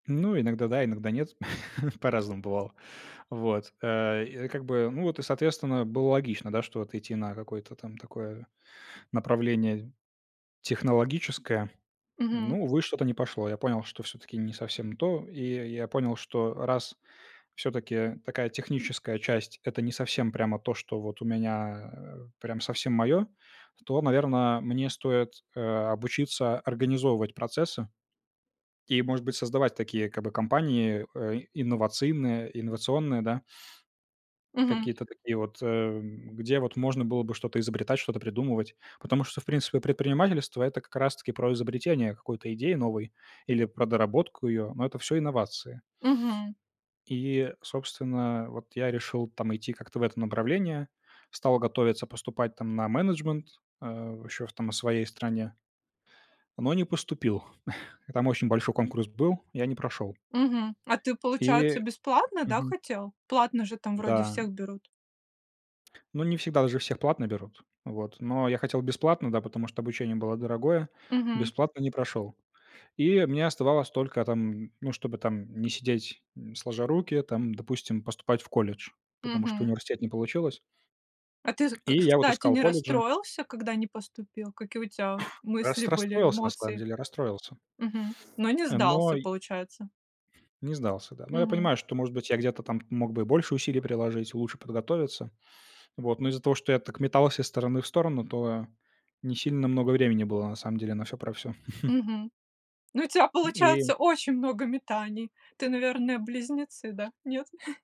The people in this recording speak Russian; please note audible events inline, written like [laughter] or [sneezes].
Ну, иногда да, иногда нет, [chuckles] по-разному бывало. Вот, э, и, э, как бы, ну, вот и, соответственно, было логично, да, что вот идти на какое-то там такое направление технологическое. Мгм. Ну, увы, что-то не пошло. Я понял, что всё-таки не совсем то. И я и я понял, что раз всё-таки такая техническая часть- это не совсем прямо то, что вот у меня, э, прям совсем моё, то, наверно, мне стоит, э, обучиться организовывать процессы и, может быть, создавать такие, как бы, компании, э, инновационные инновационные, да, Мгм. какие-то такие вот, эм, где вот можно было бы что-то изобретать, что-то придумывать, потому что, в принципе, предпринимательство- это как раз-таки про изобретение какой-то идеи новой или про доработку её. Но это всё инновации. Мгм. И, собственно, вот я решил там идти как-то в это направление, стал готовиться поступать там на менеджмент, э, ещё в там, в своей стране, но не поступил. [chuckles] Там очень большой конкурс был, я не прошёл. Мгм. А ты, получается, И бесплатно, да, мгм. хотел? Платно же там, вроде, Да. всех берут. Ну, не всегда. Л же всех платно берут, вот, но я хотел бесплатно, да, потому что обучение было дорогое, Мгм. бесплатно не прошёл. И мне оставалось только там, ну, чтобы там не сидеть, м, сложа руки, там, допустим, поступать в колледж, потому что Мгм. университет не получилось. А ты, з И я, вот, кстати, искал не колледжи расстроился, когда не поступил? Какие у тебя [sneezes] Рас мысли были, расстроился, на самом эмоции? деле. Расстроился. Мгм. Но не Э, но сдался, й получается? Не сдался, да. Но я Мгм. понимаю, что, может быть, я где-то там мог бы и больше усилий приложить, лучше подготовиться. Вот, но из-за того, что я так метался из стороны в сторону, то не сильно много времени было на самом деле на всё про всё. [chuckles] Мгм. Ну, у тебя М, и получается очень много метаний. Ты, наверное, близнецы, да? Нет? [chuckles]